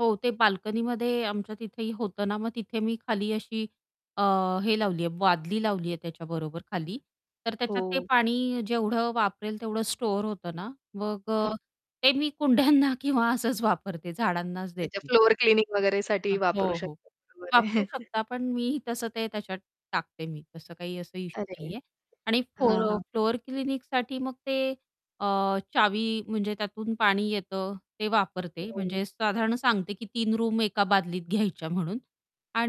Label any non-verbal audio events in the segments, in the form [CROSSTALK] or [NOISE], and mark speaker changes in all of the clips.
Speaker 1: हो, ते बाल्कनीमध्ये आमच्या तिथेही होतं ना मग तिथे मी खाली अशी अ हे लावली आहे, बादली लावली आहे त्याच्याबरोबर खाली. तर त्याच्यात ते
Speaker 2: हो.
Speaker 1: पाणी जेवढं वापरेल, तेवढं स्टोअर होतं ना मग
Speaker 2: हां.
Speaker 1: अ, ते मी कुंड्यांना किंवा असंच वापरते, झाडांनाच
Speaker 2: अच्छा,
Speaker 1: देते.
Speaker 2: फ्लोअर क्लीनिंग वगैरेसाठीही
Speaker 1: हं,
Speaker 2: वापरू
Speaker 1: हो, हो.
Speaker 2: शकतो. बरोबर
Speaker 1: वापरू
Speaker 2: आहे.
Speaker 1: शकता, पण मीही तसं ते त्याच्यात टाकते. मी तसं काही असं इश्यू नाही
Speaker 2: अरे.
Speaker 1: आहे. आणि
Speaker 2: हां,
Speaker 1: फोर
Speaker 2: हां.
Speaker 1: फ्लोअर क्लीनिंगसाठी मग ते अ, चावी म्हणजे त्यातून पाणी येतं ते वापरते
Speaker 2: हो.
Speaker 1: म्हणजे साधारण सांगते की 3 रूम एका बादलीत घ्यायच्या म्हणून.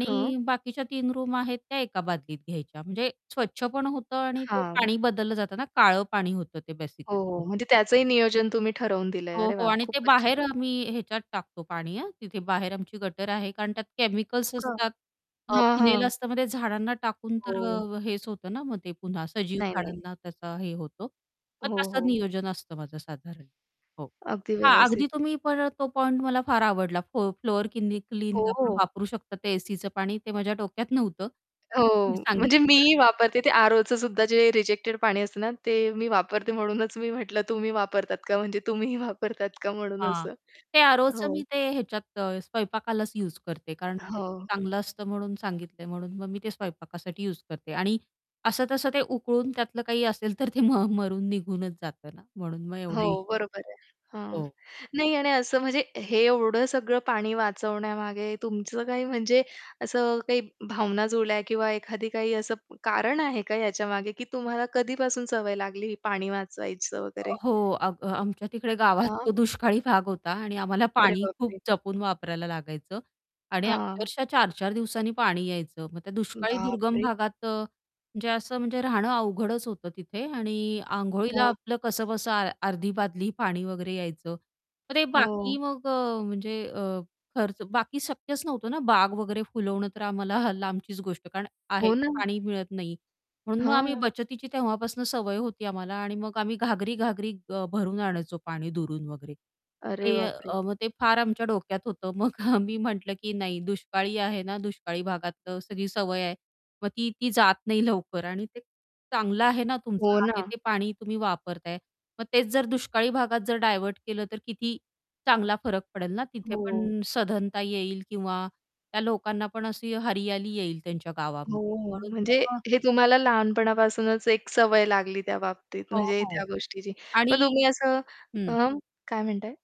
Speaker 2: हां.
Speaker 1: बाकीच्या 3 रूम आहेत त्या एका बादलीत घ्यायच्या म्हणजे स्वच्छ पण होतं आणि ते
Speaker 2: हां.
Speaker 1: पाणी बदललं जातं ना. काळं पाणी होतं ते
Speaker 2: हो,
Speaker 1: बेसिकली
Speaker 2: हो. म्हणजे
Speaker 1: म्हणून.
Speaker 2: त्याचंही नियोजन तुम्ही ठरवून दिलंय.
Speaker 1: हो,
Speaker 2: अरे
Speaker 1: हो.
Speaker 2: वाह!
Speaker 1: आणि ते
Speaker 2: खूपच
Speaker 1: बाहेर
Speaker 2: छान.
Speaker 1: आम्ही ह्याच्यात टाकतो पाणी, हां. तिथे बाहेर आमची गटर आहे कारण त्यात
Speaker 2: हो,
Speaker 1: केमिकल्स
Speaker 2: का.
Speaker 1: असतात अ,
Speaker 2: हां,
Speaker 1: फिनाइल
Speaker 2: हां.
Speaker 1: असतं मग ते झाडांना टाकून तर अ
Speaker 2: हो.
Speaker 1: अ, हेच होतं ना, मग ते पुन्हा सजीव
Speaker 2: नाही, नाही.
Speaker 1: झाडांना त्याचा हे होतो, मग
Speaker 2: हो,
Speaker 1: तसं
Speaker 2: हो.
Speaker 1: नियोजन असतं माझं साधारण. हो.
Speaker 2: अगदी
Speaker 1: हां, अगदी
Speaker 2: व्यवस्थित.
Speaker 1: तुम्ही पर तो पॉइंट मला फार आवडला फोर फ्लोअर क्लीनिंग
Speaker 2: हो,
Speaker 1: आपण
Speaker 2: हो.
Speaker 1: वापरू शकतो ते एसीचं पाणी, ते माझ्या डोक्यात नव्हतं.
Speaker 2: हो,
Speaker 1: तुम्ही
Speaker 2: म्हणजे
Speaker 1: सांगितलं बरं
Speaker 2: मीही
Speaker 1: झालं.
Speaker 2: वापरते ते आरोचं सुद्धा जे रिजेक्टेड पाणी असतं ना ते मी वापरते म्हणूनच मी म्हटलं, तुम्ही वापरतात का म्हणजे तुम्हीही वापरतात का म्हणून
Speaker 1: हां.
Speaker 2: असं?
Speaker 1: ते आरोचं
Speaker 2: हो.
Speaker 1: मी ते ह्याच्यात अ, स्वयंपाकालाच युज करते कारण की ते
Speaker 2: हो.
Speaker 1: चांगलं असतं म्हणून सांगितलंय, म्हणून मग मी ते स्वयंपाकासाठी युज करते आणि असं-तसं ते उकळून त्यातलं काही असेल तर ते म मरून निघूनच जातं ना म्हणून मग एवढं
Speaker 2: हो,
Speaker 1: इश्यू
Speaker 2: बरोबर आहे.
Speaker 1: नाही.
Speaker 2: हां.
Speaker 1: हो.
Speaker 2: नाही आणि असं म्हणजे हे एवढं सगळं पाणी वाचवण्यामागे तुमचं काही म्हणजे असं काही भावना जुळल्या किंवा एखादी काही असं कारण आहे का ह्याच्यामागे, की तुम्हाला कधीपासून सवय लागली ही पाणी वाचवायचं वगैरे?
Speaker 1: अ, हो, आम आमच्या तिकडे गावात
Speaker 2: हां.
Speaker 1: तो दुष्काळी भाग होता. आणि आम्हाला
Speaker 2: अरे
Speaker 1: पाणी खूप
Speaker 2: बापरे!
Speaker 1: जपून वापरायला लागायचं. आणि
Speaker 2: हां.
Speaker 1: अक्षरशः 4-4 दिवसांनी पाणी यायचं. मग त्या दुष्काळी दुर्गम
Speaker 2: बापरे!
Speaker 1: भागात अ, म्हणजे असं म्हणजे राहणं अवघडच होतं तिथे. आणि आंघोळीला
Speaker 2: हां.
Speaker 1: आपलं कसंबसं आ अर्धी बादली पाणी वगैरे यायचं. मग ते
Speaker 2: हां.
Speaker 1: बाकी मग अ, म्हणजे अ, खर्च बाकी शक्यच नव्हतं ना, बाग वगैरे फुलवणं तर आम्हाला [CHUCKLES] लांबचीच गोष्ट, कारण आहे
Speaker 2: हो
Speaker 1: ते
Speaker 2: ना.
Speaker 1: पाणी मिळत नाही. म्हणून मग आम्ही
Speaker 2: हां.
Speaker 1: बचतीची तेव्हापासून सवय होती आम्हाला. आणि मग आम्ही घागरी-घागरी अ, भरून आणायचो पाणी दुरून वगैरे. मग
Speaker 2: अरे
Speaker 1: ते
Speaker 2: बापरे!
Speaker 1: अ, मग ते फार आमच्या डोक्यात होतं मग आम्ही म्हटलं, की नाही दुष्काळी आहे ना, दुष्काळी भागात अ, सगळी सवय आहे. मग ती, ती जात नाही [CHUCKLES] लवकर. आणि ते चांगलं आहे ना
Speaker 2: हो
Speaker 1: तुमचं आहे
Speaker 2: ना.
Speaker 1: ते पाणी तुम्ही वापरताय मग तेच जर दुष्काळी भागात जर डायव्हर्ट केलं तर, किती चांगला फरक पडेल ना तिथे
Speaker 2: हो.
Speaker 1: पण सधनता येईल किंवा त्या लोकांना पण अशी हरियाली येईल त्यांच्या गावामध्ये
Speaker 2: हो.
Speaker 1: म्हणून
Speaker 2: म्हणजे
Speaker 1: मग अ
Speaker 2: हे तुम्हाला लहानपणापासूनच एक सवय लागली त्या बाबतीत
Speaker 1: हो,
Speaker 2: म्हणजे
Speaker 1: हो.
Speaker 2: त्या गोष्टीची.
Speaker 1: आणि
Speaker 2: मग तुम्ही असं
Speaker 1: हं.
Speaker 2: अ काय म्हणताय?